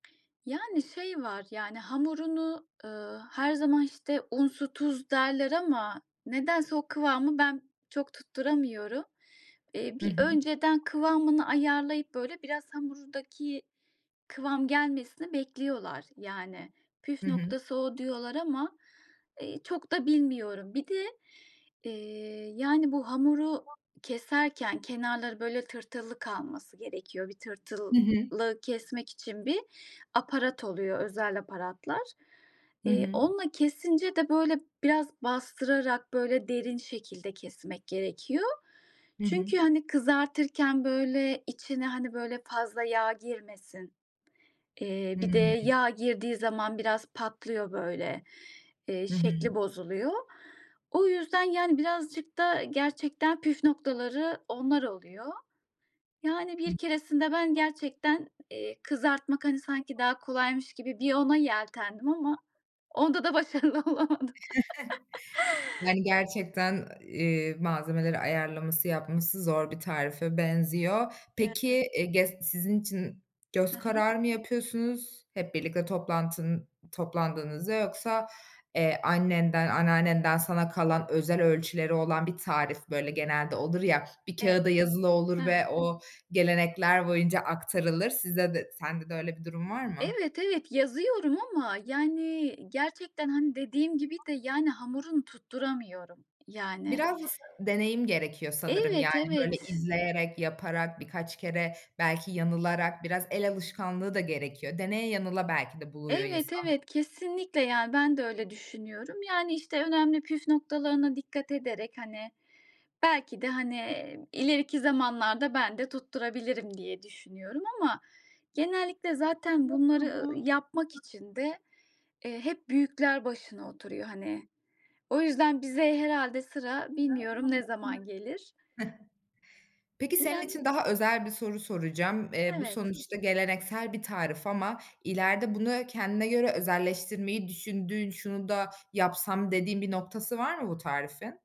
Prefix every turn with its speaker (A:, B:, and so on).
A: Yani, şey var, yani hamurunu, ııı, her zaman işte un, su, tuz derler ama nedense o kıvamı ben çok tutturamıyorum. Eee,
B: Hı
A: bir
B: hı.
A: önceden kıvamını ayarlayıp böyle biraz hamurdaki kıvam gelmesini bekliyorlar. Yani püf
B: Hı hı.
A: noktası o diyorlar ama, eee, çok da bilmiyorum. Bir de, eee, yani bu hamuru keserken kenarları böyle tırtıllı kalması gerekiyor. Bir tırtılı
B: Hı hı.
A: kesmek için bir aparat oluyor, özel aparatlar.
B: Hı
A: Eee,
B: hı.
A: onunla kesince de, böyle, biraz bastırarak, böyle, derin şekilde kesmek gerekiyor.
B: Hı hı.
A: Çünkü hani kızartırken, böyle, içine hani böyle fazla yağ girmesin. Eee, bir de
B: Hımm.
A: yağ girdiği zaman biraz patlıyor, böyle, eee,
B: Hı hı.
A: şekli bozuluyor. O yüzden yani birazcık da gerçekten püf noktaları onlar oluyor. Yani
B: Hı
A: bir keresinde ben
B: hı.
A: gerçekten, eee, kızartmak hani sanki daha kolaymış gibi bir ona yeltendim ama onda da başarılı olamadım.
B: Yani, gerçekten, eee, malzemeleri ayarlaması, yapması zor bir tarife benziyor.
A: [unintelligible]
B: Peki, e gest sizin için
A: Hı
B: göz
A: hı.
B: kararı mı yapıyorsunuz, hep birlikte toplantının toplandığınızda, yoksa, eee, annenden, anneannenden sana kalan özel ölçüleri olan bir tarif, böyle, genelde olur ya, bir
A: Evet,
B: kağıda yazılı
A: hı
B: olur
A: hı.
B: ve o gelenekler boyunca aktarılır. Sizde de sende de öyle bir durum var mı?
A: Evet, evet, yazıyorum ama, yani, gerçekten, hani, dediğim gibi de, yani, hamurunu tutturamıyorum, yani.
B: Biraz da s deneyim gerekiyor sanırım, yani,
A: Evet,
B: böyle
A: evet.
B: izleyerek, yaparak, birkaç kere, belki yanılarak biraz el alışkanlığı da gerekiyor. Deneye yanıla belki de buluyor
A: Evet,
B: insan.
A: evet, kesinlikle, yani, ben de öyle düşünüyorum. Yani, işte önemli püf noktalarına dikkat ederek, hani, belki de, hani, ileriki zamanlarda ben de tutturabilirim diye düşünüyorum ama genellikle zaten bunları yapmak için de,
B: [unintelligible]
A: eee, hep büyükler başına oturuyor, hani. O yüzden bize herhâlde sıra,
B: Hıh.
A: bilmiyorum ne zaman gelir?
B: Peki, senin
A: Yani
B: için daha özel bir soru soracağım. Eee, bu
A: Evet.
B: sonuçta geleneksel bir tarif ama ileride bunu kendine göre özelleştirmeyi düşündüğün, "Şunu da yapsam." dediğin bir noktası var mı bu tarifin?